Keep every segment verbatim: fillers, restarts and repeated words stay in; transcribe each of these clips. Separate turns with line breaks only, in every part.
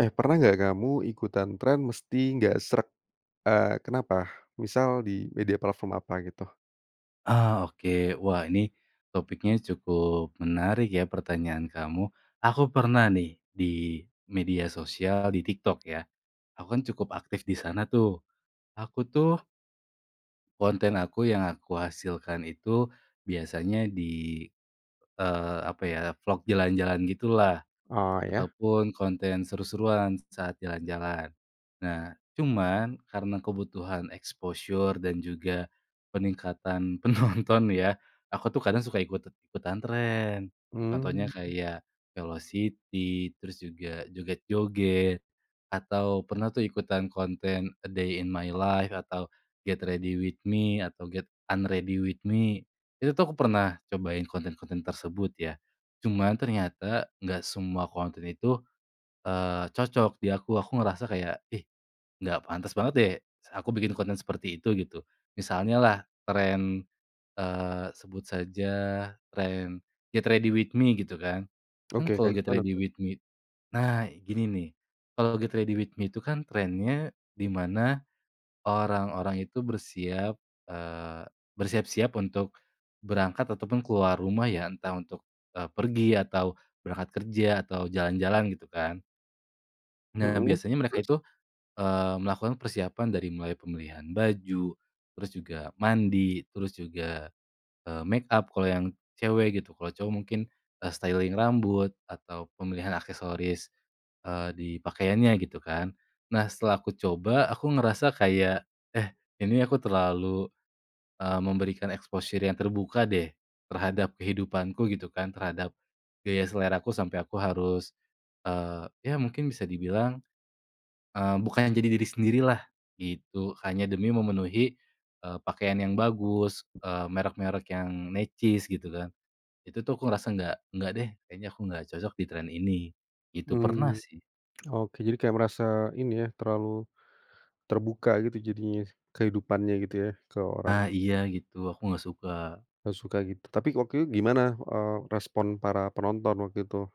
Eh, pernah nggak kamu ikutan tren mesti gak sreg? Eee, kenapa? Misal di media platform apa gitu?
Ah, oke wah ini, topiknya cukup menarik ya pertanyaan kamu, aku pernah nih di media sosial, di TikTok ya, aku kan cukup aktif di sana tuh, aku tuh konten aku yang aku hasilkan itu, biasanya di, eee, apa ya vlog jalan-jalan gitu lah,
Oh iya.
ataupun konten seru-seruan saat jalan-jalan, nah cuman karena kebutuhan exposure dan juga, peningkatan penonton ya aku tuh kadang suka ikut-ikutan tren, contohnya
Mmm.
kayak, velocity terus juga joget-joget, atau pernah tuh ikutan konten a day in my life atau get ready with me atau get unready with me, itu tuh aku pernah cobain konten-konten tersebut ya, cuman ternyata gak semua konten itu, eee, cocok di aku, aku ngerasa kayak, "Ih, nggak pantas banget deh s aku bikin konten seperti itu," gitu, misalnya lah tren, eee, sebut saja tren get ready with me gitu kan kan
Oke,
kalau
kayak
get
gimana
ready
tuh?
with me— nah gini nih, kalau get ready with me itu kan trennya di mana, orang-orang itu bersiap— eee, bersiap-siap untuk, berangkat ataupun keluar rumah ya entah untuk, eee, pergi atau berangkat kerja atau jalan-jalan gitu kan. Nah
Mhm,
biasanya mereka
terus?
itu, eee, melakukan persiapan dari mulai pemilihan baju, terus juga mandi terus juga, eee, makeup kalau yang cewek gitu kalau cowok mungkin, eee, styling rambut atau pemilihan aksesoris, eee, di pakaiannya gitu kan. Nah setelah aku coba aku ngerasa kayak, "Eh, ini aku terlalu, eee, memberikan exposure yang terbuka deh terhadap kehidupanku," gitu kan terhadap, gaya seleraku sampai aku harus, eee, ya mungkin bisa dibilang, eee, bukannya jadi diri sendirilah gitu, hanya demi memenuhi, eee, pakaian yang bagus, eee, merek-merek yang necis gitu kan, itu tuh aku ngerasa nggak nggak deh kayaknya aku nggak cocok di tren ini, itu pernah
Mmm,
sih.
oke, jadi kayak merasa ini ya, terlalu, terbuka gitu jadinya kehidupannya gitu ya ke
Ah,
orang.
iya gitu, aku nggak suka.
Gak suka gitu tapi waktu itu gimana, eee, respon para penonton waktu itu?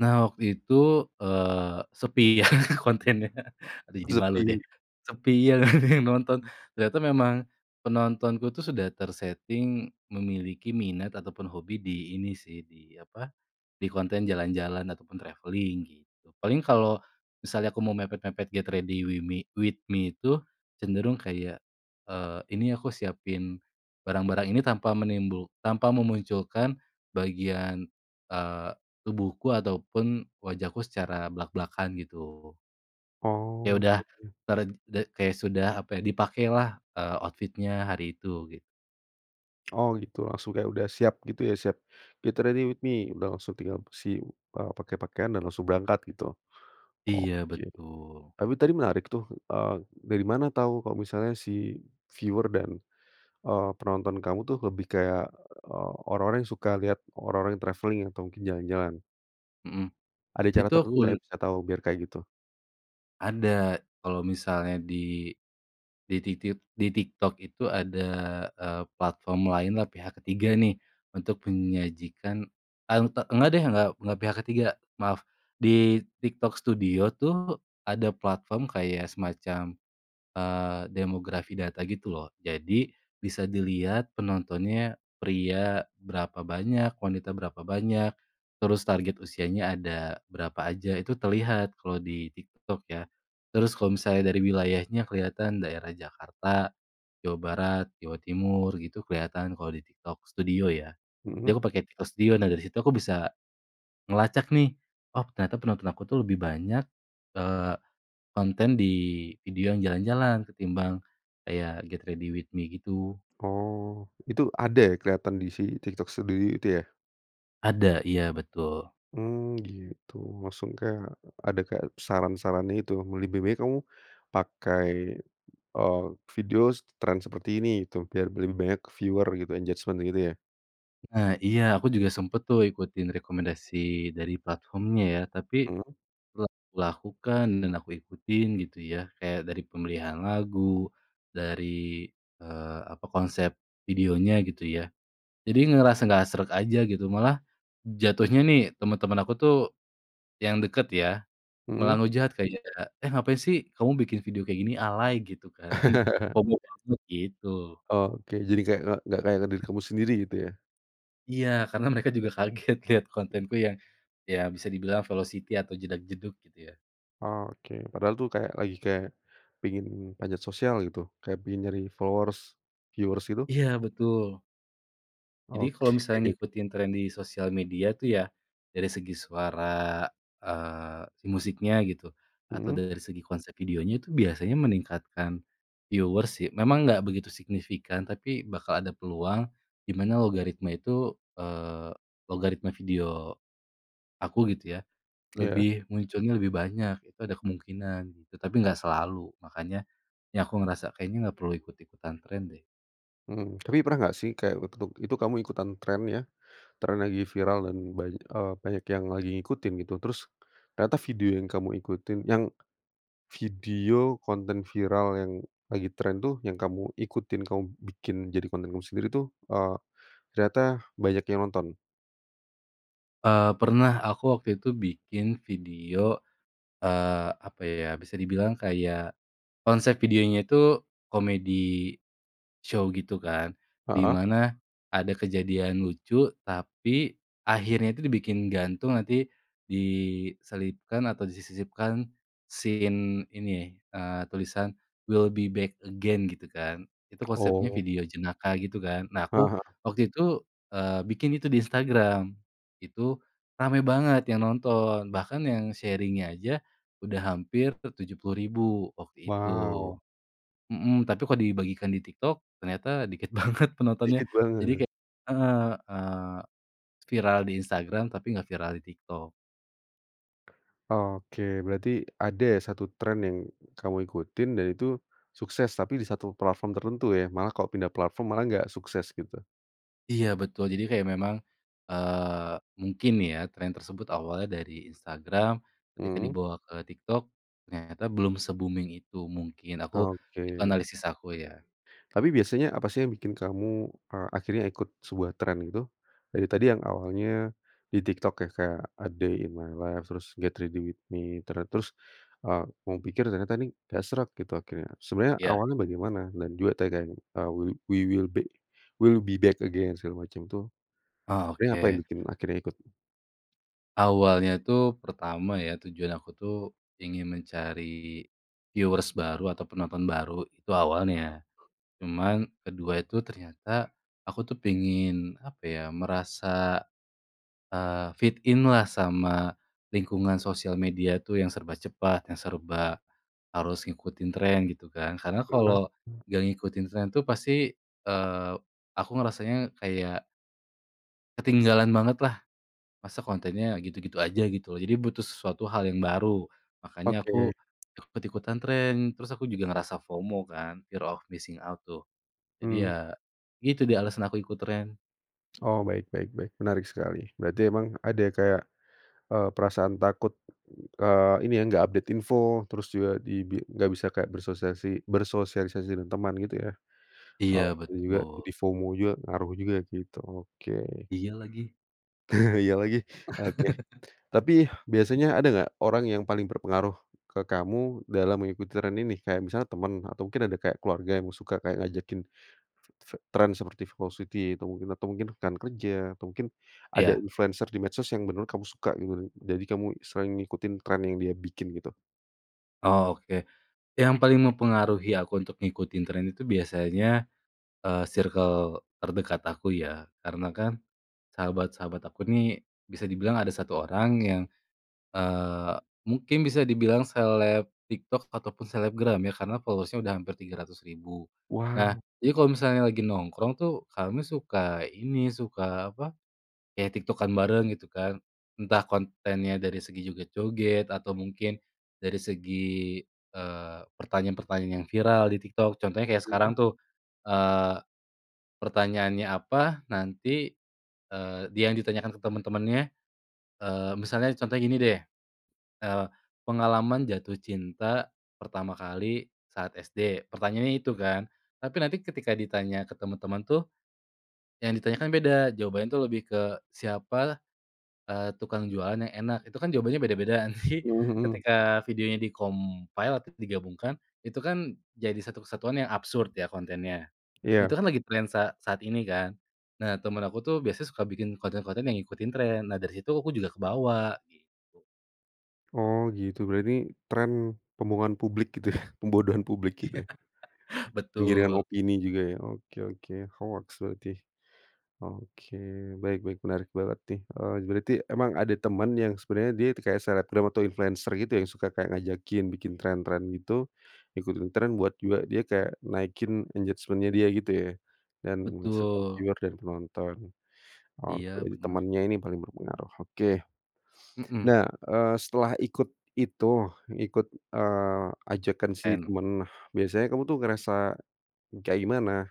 Nah waktu itu, eee, sepi ya kontennya, aduh jadi malu deh,
Sepi.
sepi iya nggak ada yang nonton ternyata memang penontonku tuh sudah ter-setting memiliki minat ataupun hobi di ini sih di apa, di konten jalan-jalan ataupun travelling gitu. Paling kalau, misalnya aku mau mepet-mepet get ready wimi with me itu cenderung kayak, eee, ini aku siapin, barang-barang ini tanpa menimbul tanpa memunculkan bagian, eee, tubuhku ataupun wajahku secara blak-blakan gitu. Ya
Oh
udah
gitu.
ter de kayak sudah apa ya dipakailah, eee, outfit-nya hari itu gitu.
Oh gitu, langsung kayak udah siap gitu ya siap, get ready with me udah langsung tinggal si, eee, pakai pakaian dan langsung berangkat gitu,
Iya
oke.
betul.
Tapi tadi menarik tuh, eee, dari mana tahu kalau misalnya si, viewers dan, eee, penonton kamu tuh lebih kayak, eee, orang-orang yang suka lihat orang-orang yang travelling atau mungkin jalan-jalan?
Mhm,
Ada cara
itu
tertentu nggak ya
akul
biar tahu biar kayak gitu?
Ada kalau misalnya di di titit di TikTok itu ada, eee, platform lain lah, pihak ketiga nih, untuk menyajikan, auta nggak deh nggak nggak pihak ketiga, maaf, di TikTok studio tuh ada platform kayak semacam, eee, demografi data gitu loh, jadi bisa dilihat penontonnya pria berapa banyak, wanita berapa banyak, terus target usianya ada berapa aja itu terlihat kalau di TikTok ya, terus kalau misalnya dari wilayahnya kelihatan daerah Jakarta, Jawa Barat, Jawa Timur gitu kelihatan kalau di TikTok studio ya, jadi
Mhm.
aku pake TikTok studio, nah dari situ aku bisa, ngelacak nih, oh ternyata penonton aku tuh lebih banyak, eee, konten di video yang jalan-jalan ketimbang, kayak get ready with me gitu.
Oh itu ada ya kelihatan di si TikTok Studio itu ya?
Ada, iya betul.
Mmm, gitu, langsung kayak— ada kayak saran-saran itu lebih baik kamu, pakai, eee, video s tren seperti ini itu biar lebih banyak viewer gitu, engagement gitu ya?
Ah iya, aku juga sempat tuh ikutin rekomendasi dari platformnya ya tapi
Mmm.
lep lakukan dan aku ikutin gitu ya kayak dari pemilihan lagu, dari, eee, apa konsep videonya gitu ya. Jadi ngerasa nggak sreg aja gitu malah jatuhnya nih teman-teman aku tuh, yang dekat ya malah
Mhm.
ngehujat kayak, "Eh, ngapain sih kamu bikin video kayak gini? Alay." Gitu kan, FOMO banget gitu.
Oke, jadi kayak nggak nggak kayak diri kamu sendiri gitu ya?
Iya karena mereka juga kaget lihat kontenku yang, ya bisa dibilang velocity atau jedag-jedug gitu ya.
Oke, padahal tuh kayak lagi kayak pingin panjat sosial gitu, kayak pingin nyari followers viewers gitu?
Iya betul. Jadi kalau
Oke.
misal ngikutin tren di sosial media tuh ya, dari segi suara, eee, musiknya gitu atau
Mhm.
dari segi konsep videonya itu biasanya meningkatkan viewers sih, memang gak begitu signifikan, tapi bakal ada peluang di mana logaritma itu, eee, logaritma video aku gitu ya
Ya.
lebih munculnya lebih banyak itu ada kemungkinan gitu, tapi gak selalu makannya ini aku ngerasa kayaknya gak perlu ikut-ikutan tren deh.
Mmm, tapi pernah enggak sih kayak untuk itu kamu ikutan tren ya, tren lagi viral dan banyak, eee, banyak yang lagi ngikutin gitu, terus ternyata video yang kamu ikutin yang, video konten viral yang lagi tren tuh, yang kamu ikutin, kamu bikin jadi konten kamu sendiri tuh, eee, ternyata banyak yang nonton?
Eee, pernah, aku waktu itu bikin video, eee, apa ya, bisa dibilang kayak, konsep videonya itu comedy show gitu kan, di
Heeh.
mana ada kejadian lucu tapi akhirnya tuh dibikin gantung, nanti diselipkan atau disisipkan scene ini, eee, tulisan "we'll be back again" gitu kan, itu konsepnya
Oh.
video jenaka gitu kan, nah aku
Heeh.
waktu itu, eee, bikin itu di Instagram, itu rame banget yang nonton, bahkan yang sharing-nya aja udah hampir ke tujuh puluh ribu waktu itu.
Wow.
Mhm, tapi kalau dibagikan di TikTok, ternyata dikit banget penontonnya,
Dikit
jadi
banget.
kayak heeh, eee, viral di Instagram tapi nggak viral di TikTok.
Oke, berarti ada ya satu tren yang kamu ikutin dan itu sukses, tapi di satu platform tertentu ya, malah kalau pindah platform malah nggak sukses gitu.
Iya betul jadi kayak memang, eee, mungkin ya tren tersebut awalnya dari Instagram, ketika
Mmm.
dibawa ke TikTok, ternyata belum se-booming itu mungkin aku, itu
Oke.
analisis aku ya.
Tapi biasanya apa sih yang bikin kamu, eee, akhirnya ikut sebuah tren itu? Dari tadi yang awalnya di TikTok ya, kayak "a day in my life," terus "get ready with me," ter terus, eee, kamu pikir ternyata ini nggak srek gitu akhirnya. Sebenarnya
Iya.
awalnya bagaimana? Dan juga tadi kayak, eee, "w we will be we'll back again," segala macam tuh.
Oh
Ini ngapain
oke.
bikin, akhirnya ikut?
Awalnya tuh, pertama ya, tujuan aku tuh, ingin mencari viewers baru atau penonton baru, itu awalnya. Cuman kedua itu ternyata, aku tuh pengen, apa ya, merasa, eee, fit in-lah sama lingkungan sosial media tuh yang serba cepat, yang serba harus ngikutin tren gitu kan, karena kalau
Heeh.
nggak ngikutin tren tuh pasti, eee, aku ngerasanya kayak ketinggalan bangetlah. Masa kontennya gitu-gitu aja gitu, jadi butuh sesuatu hal yang baru, makanya
Oke.
aku ikut-ikutan tren, terus aku juga ngerasa FOMO kan, fear of missing out tuh. Jadi
Mmm.
ya itu dia alasan aku ikut tren.
Oh baik baik baik, menarik sekali, berarti emang ada ya kayak, eee, perasaan takut, eee, ini ya, enggak update info, terus juga di bi enggak bisa kayak bersosiasi bersosialisasi dengan teman gitu ya. Oh
Iya
tuh juga,
betul.
jadi FOMO juga, ngaruh juga gitu, oke.
Iya lagi.
Iya lagi. Oke. Tapi, biasanya ada nggak, orang yang paling berpengaruh ke kamu dalam mengikut tren ini? Kayak misalnya teman, atau mungkin ada kayak keluarga yang suka kayak ngajakin te te tren seperti velocity, atau mungkin atau mungkin rekan kerja, atau mungkin ada
Iya.
influencer di medsos yang menurut kamu suka gitu. Jadi kamu istilahnya ngikutin tren yang dia bikin gitu?
Oh, oke. Yang paling mempengaruhi aku untuk ngikutin tren itu biasanya, eee, sirkel terdekat aku ya. Karena kan, sahabat-sahabat aku nih bisa dibilang ada satu orang yang, eee, mungkin bisa dibilang seleb TikTok ataupun selebgram ya, karena followers-nya sudah hampir tiga ratus ribu. Nah,
Wow!
jadi kalau misalnya lagi nongkrong tuh kami suka, ini, suka, apa, ya TikTok-an bareng gitu kan. Entah kontennya dari segi joget-joget atau mungkin dari segi, eee, pertanyaan-pertanyaan yang viral di TikTok. Contohnya kayak
Mhm.
sekarang tuh, eee, pertanyaannya apa nanti eee, dia yang ditanyakan ke teman-temannya eee, misalnya contohnya gini deh, eee, "Pengalaman jatuh cinta pertama kali saat SD?" pertanyaannya itu kan. Tapi nanti ketika ditanya ke teman-teman tuh, yang ditanyakan beda. Jawabannya tuh lebih ke, "Siapa, eee, tukang jualan yang enak?" Itu kan jawabannya beda-beda nanti,
Mhm mhm.
ketika videonya di-compile, atau digabungkan, itu kan jadi satu kesatuan yang absurd ya kontennya. Nah itu
Iya.
kan lagi tren sa saat ini kan, nah teman aku tuh biasanya suka bikin konten-konten yang ngikutin tren. Nah dari situ aku juga kebawa gitu.
Oh gitu, berarti tren pembohongan publik gitu ya, pembodohan publik
Ya.
gitu ya. Penggiringan
Betul.
opini juga ya, oke oke, hoaks berarti. Oke, baik baik menarik banget nih, eee, berarti memang ada teman yang sebenernya dia kayak selebgram atau influencer gitu ya, yang suka kayak ngajakin bikin tren-tren itu, ikutin tren buat juga dia kayak naikin engagement-nya dia gitu ya, dan menghasilkan
Betul.
viewer dan penonton. Oke,
Iya bener.
temannya ini paling berpengaruh, oke.
Mhm.
Nah, eee, setelah ikut itu, ikut, eee, ajakan si
En
teman, biasanya kamu tuh ngerasa kayak gimana,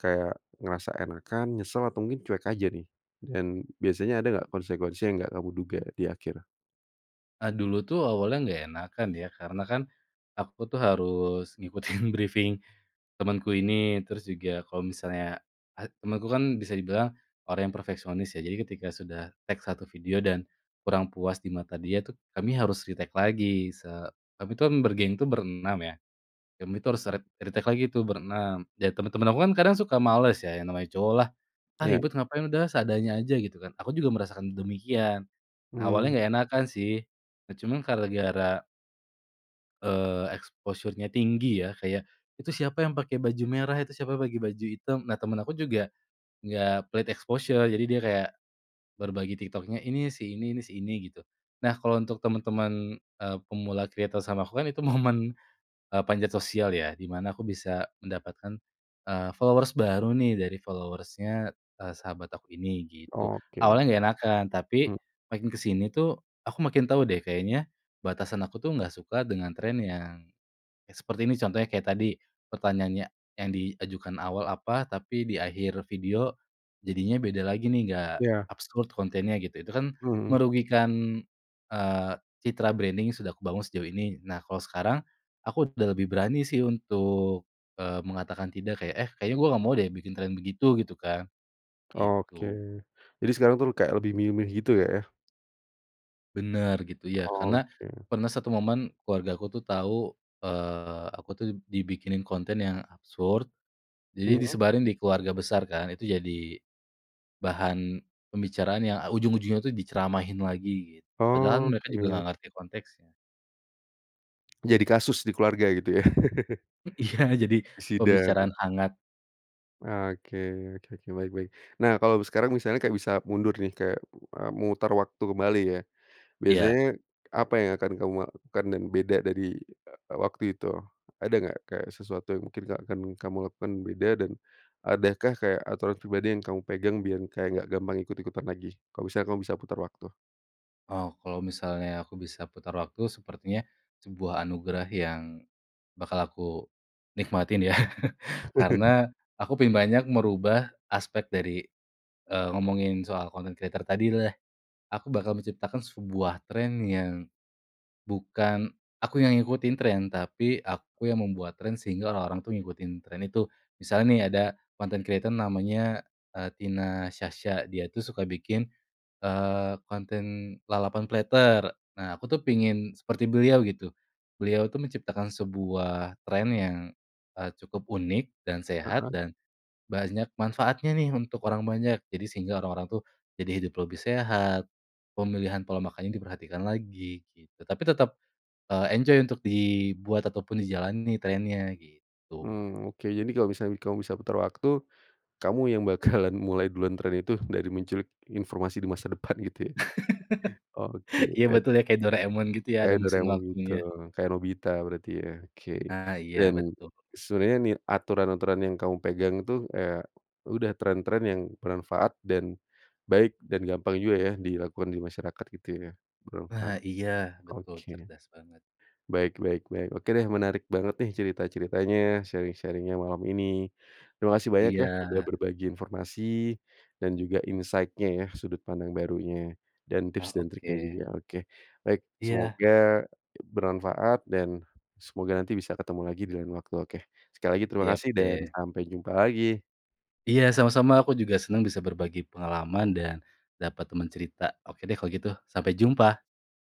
kayak ngerasa enakan, nyesel atau mungkin cuek aja nih? Dan biasanya ada nggak konsekuensi yang nggak kamu duga di akhir?
Eee, dulu tuh awalnya nggak enakan ya karena kan, aku tuh harus ngikutin briefing temenku ini, terus juga kalau misalnya, eee, temenku kan bisa dibilang orang yang perfeksionis, ya jadi ketika sudah take satu video dan kurang puas di mata dia tuh, kami harus retake lagi se tapi itu kan bergeng itu, berenam ya, kami itu harus re retake lagi tuh berenam, dan temen-temen aku kan kadang suka males ya, yang namanya cowok lah, "Ah
Iya.
ribet ngapain? Udah seadanya aja." Gitu kan, aku juga merasakan demikian. Awalnya
Mmm.
nggak enakan sih. Nah cuma gara-gara eee, exposure-nya tinggi ya, kayak, "Itu siapa yang pakai baju merah? Itu siapa yang baju hitam?" Nah temen aku juga enggak pelit exposure, jadi dia kayak berbagi TikTok-nya, "Ini si ini ini si ini," gitu. Nah kalau untuk teman-teman, eee, pemula kreator sama aku kan itu momen, eee, panjat sosial ya, di mana aku bisa mendapatkan, eee, followers baru nih dari followers-nya, eee, sahabat aku ini gitu.
Oke.
Awalnya nggak enakan, tapi
Mmm.
makin ke sini tuh, aku makin tau deh kayaknya batasan aku tuh nggak suka dengan tren yang seperti ini, contohnya kayak tadi, pertanyaannya yang diajukan awal apa, tapi di akhir video jadinya beda lagi nih, nggak
Iya.
absurd kontennya gitu, itu kan
Mhm.
merugikan, eee, citra branding yang sudah kubangun sejauh ini. Nah kalau sekarang aku udah lebih berani sih untuk, eee, mengatakan tidak kayak, "Eh kayaknya gue nggak mau deh bikin tren begitu," gitu kan.
Oke.
Gitu.
Jadi sekarang tuh kayak lebih milih-milih gitu Kak ya.
Bener gitu ya, karena
Oke.
pernah satu momen keluargaku tuh tahu, eee, aku tuh dibikinin konten yang absurd, jadi
Mhm.
disebarin di keluarga besar kan, itu jadi bahan pembicaraan yang, eee, ujung-ujungnya tuh diceramahin lagi gitu, padahal mereka juga
Oke.
nggak ngerti konteksnya.
Jadi kasus di keluarga gitu ya.
Iya jadi
Sidang.
pembicaraan hangat.
Oke oke, baik baik. Nah, kalau sekarang misalnya kayak bisa mundur nih, kayak, eee, memutar waktu kembali ya,
Iya.
biasanya apa yang akan kamu lakukan dan beda dari, eee, waktu itu? Ada nggak kayak sesuatu yang mungkin ke akan kamu lakukan beda dan adakah kayak aturan pribadi yang kamu pegang, biar kayak nggak gampang ikut-ikutan lagi, kalau misalnya kamu bisa putar waktu?
Oh kalau misalnya aku bisa putar waktu, sepertinya sebuah anugerah yang bakal aku nikmatin ya. Karena aku ingin banyak merubah aspek dari, eee, ngomongin soal content creator tadi deh. Aku bakal menciptakan sebuah tren yang bukan, aku yang ngikutin tren, tapi aku yang membuat tren, sehingga orang-orang tuh ngikutin tren itu. Misal nih ada content creator namanya, Tina Sasha, dia tuh suka bikin, eee, konten lalapan platter. Nah aku tuh pengen seperti beliau gitu. Beliau tuh menciptakan sebuah tren yang, eee, cukup unik, dan sehat,
Heeh.
dan banyak manfaatnya nih untuk orang banyak, jadi sehingga orang-orang tuh jadi hidup lebih sehat, pemilihan pola makannya diperhatikan lagi gitu, tapi tetap, eee, enjoy untuk dibuat ataupun dijalani trennya, gitu.
Mmm, oke, jadi kalau misalnya kamu bisa putar waktu, kamu yang bakalan mulai duluan tren itu, dari menculik informasi di masa depan gitu ya? Oke
Iya
dar
betul ya, kayak Doraemon gitu ya, ada
Kayak
mesin
Doraemon gitu,
waktunya.
kayak Nobita berarti ya, oke.
Ah iya,
Dan
betul.
sebenarnya nit aturan-aturan yang kamu pegang itu, ya udah, tren-tren yang bermanfaat, dan baik, dan gampang juga ya dilakukan di masyarakat gitu ya, bermanfaat.
Ah iya betul,
Oke.
cerdas banget.
Baik baik baik, oke deh menarik banget nih cerita-ceritanya, sharing-sharing-nya malam ini. Terima kasih banyak ya, udah
Iya.
berbagi informasi dan juga insight-nya ya, sudut pandang barunya, dan tips
Oh,
dan triknya
oke.
juga. Oke, baik,
Iya.
semoga bermanfaat dan semoga nanti bisa ketemu lagi di lain waktu, oke. Sekali lagi terima
Siap
kasih dan
deh.
sampai jumpa lagi.
Iya sama-sama, aku juga senang bisa berbagi pengalaman dan dapat teman cerita, oke deh kalau gitu, sampai jumpa!